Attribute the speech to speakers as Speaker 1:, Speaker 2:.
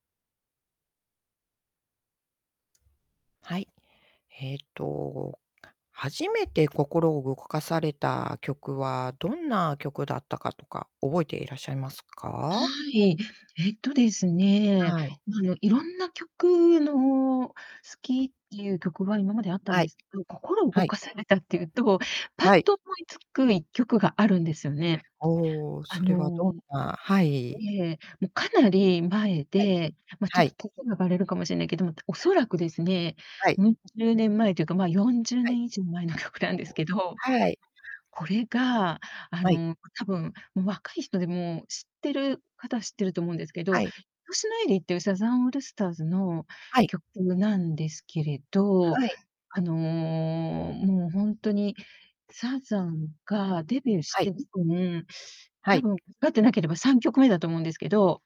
Speaker 1: はい、えっと、初めて心を動かされた曲はどんな曲だったかとか覚えていらっしゃいます
Speaker 2: は
Speaker 1: か？
Speaker 2: い。えっとですね、
Speaker 1: はい。
Speaker 2: あの色んな曲の好きっていう曲は今まであったん
Speaker 1: は
Speaker 2: で
Speaker 1: い。
Speaker 2: すけど、心を動
Speaker 1: はい。
Speaker 2: かされたっていうと、ぱっ
Speaker 1: はい。
Speaker 2: と思いつく1曲があるんですよね。
Speaker 1: おお、
Speaker 2: あ
Speaker 1: それはどん
Speaker 2: の
Speaker 1: なはい。
Speaker 2: ええ、もうかなり前
Speaker 1: はい。
Speaker 2: で、ま、ちょ
Speaker 1: は
Speaker 2: っと
Speaker 1: い。
Speaker 2: 年がばれるかもしれないけども、お
Speaker 1: [unintelligible]
Speaker 2: そらくですね、
Speaker 1: はい。
Speaker 2: うん十年前というか、まあ、よんじゅう
Speaker 1: は
Speaker 2: ね
Speaker 1: い。
Speaker 2: ん以上前の曲なんですけど。
Speaker 1: はい。
Speaker 2: これが、あ
Speaker 1: はい。
Speaker 2: の多分もう若い人でも知ってる方は知ってると思うんですけど、い
Speaker 1: はい。
Speaker 2: としのエリーっていうサザンオールスターズの
Speaker 1: はい。
Speaker 2: 曲なんですけれど、
Speaker 1: はい。
Speaker 2: あのもうほんとにサザンがデビューし
Speaker 1: はい。
Speaker 2: て [unintelligible]
Speaker 1: は
Speaker 2: 多
Speaker 1: い。
Speaker 2: 分、間違ってなければ3曲目だと思うんですけど